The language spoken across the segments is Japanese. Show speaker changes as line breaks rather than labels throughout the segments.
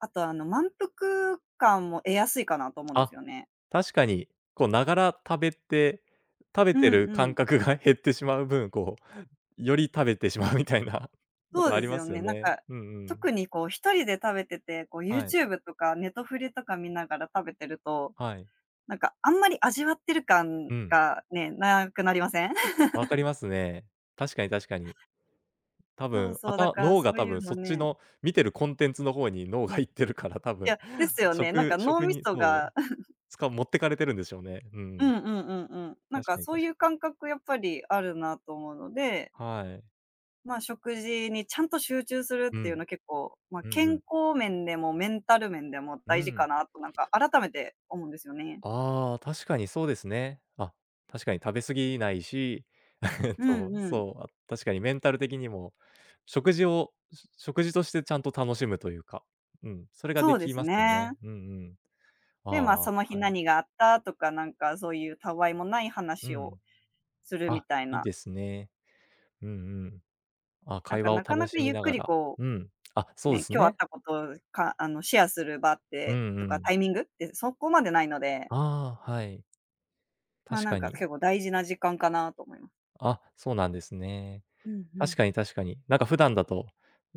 あと、あの満腹感も得やすいかなと思うんです
あ、
よね。
確かに、こう、ながら食べて食べ
う
て
ん
る
う
感
ん。
覚が減ってしまう分、こう、より食べてしまうみたいな
そう
事あ
で
り
す
ま
よ
すよ
ね。なん
ね。
か、
うんうん。
特にこう、一人で食べてて、こう、
はい。
YouTube とかネトフレとか見ながら食べてると、
はい。
なんか、あんまり味わってる感
うん。
がね、無くなりません？
分かり ますね。確かに確かに。多
そう
分、あ
そう、だ
た
から、
脳
そ
が、
う
多
いう
分
の
そっち
ね。
の見てるコンテンツの方に脳が行ってるから、多
い
分、
や、ですよね。なん
食
か脳
食
み
に、
そ
そう、
が
つか持ってかれてるんでしょうね。う
う
ん。
んうんうんうん。なん
確
か、
かに、
そうい
確
う感覚やっぱりあるなと思うので
はい。
まあ、食事にちゃんと集中するって
う
言う
ん。
の、結構まあ、
うん
健
うん。
康面でも、メンタル面でも
う
大事か
ん。
なと、なんか改めて思うんですよね。
ああ、確かにそうですね。あ、確かに食べ過ぎないし、
う
そ
ん
う、
うん。
そう、あ、確かにメンタル的にも食事をし食事として、ちゃんと楽しむと言うか、うん、それが
そ
出
うで
来
す
ますよね。
ね。
うんうん。あ
で、
あ、
ま、
は
その日
い。
何があったとか、なんか、そういうたわいもない
う
話を
ん。
するみ
あ、
たい
いい
な。
ですね。うんうん。あ、
なん
会
か、
話を
なか
楽
なか
しみ
ゆっ
な
く
が
り、
ら
こ
うん。あ、
う
そうで
ね、
す
今日あっ
ね。
た事、かあの、シェアする場っ
う
て、
んう
とか、タ
ん。
イミングって、そこまでないので
ああ、はい。
ま、
確
なん
か
か
に。
結構大事な時間かなと思いま
あ、そうなんですね。
うんう
確
ん。
かに確かに。なんか普段だと、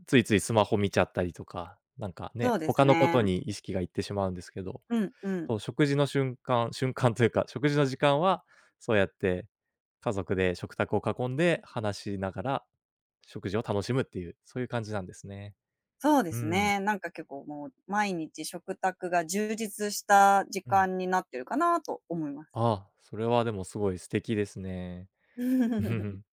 ついついスマホ見ちゃったりとか、なんか
そ
ね、
うです
他の事
ね。
に意識が行ってしまうんですけど、
うん、うん。
その食事の瞬間瞬間と言うか、食事の時間は、そうやって家族で食卓を囲んで話しながら、食事を楽しむっていう、そういう感じなんですね。
そうで
うー
す
ん。
ね。なんか結構もう、毎日食卓が充実した時
うん。
間になっているかなと思います。
ああ、それは、でも凄い素敵ですね。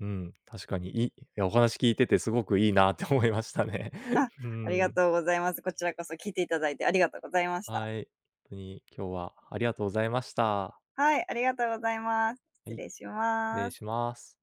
うん、確かに、いお話聞いてて、凄く良いなって思いましたね。
あ、
うー
ありが
ん。
とうございます。こちらこそ聴いて頂いてありがとうございました。
はい。とに今日は、ありがとうございました。
はい、ありがとうございます。
は
失
い、
礼し
失礼
ます。
します。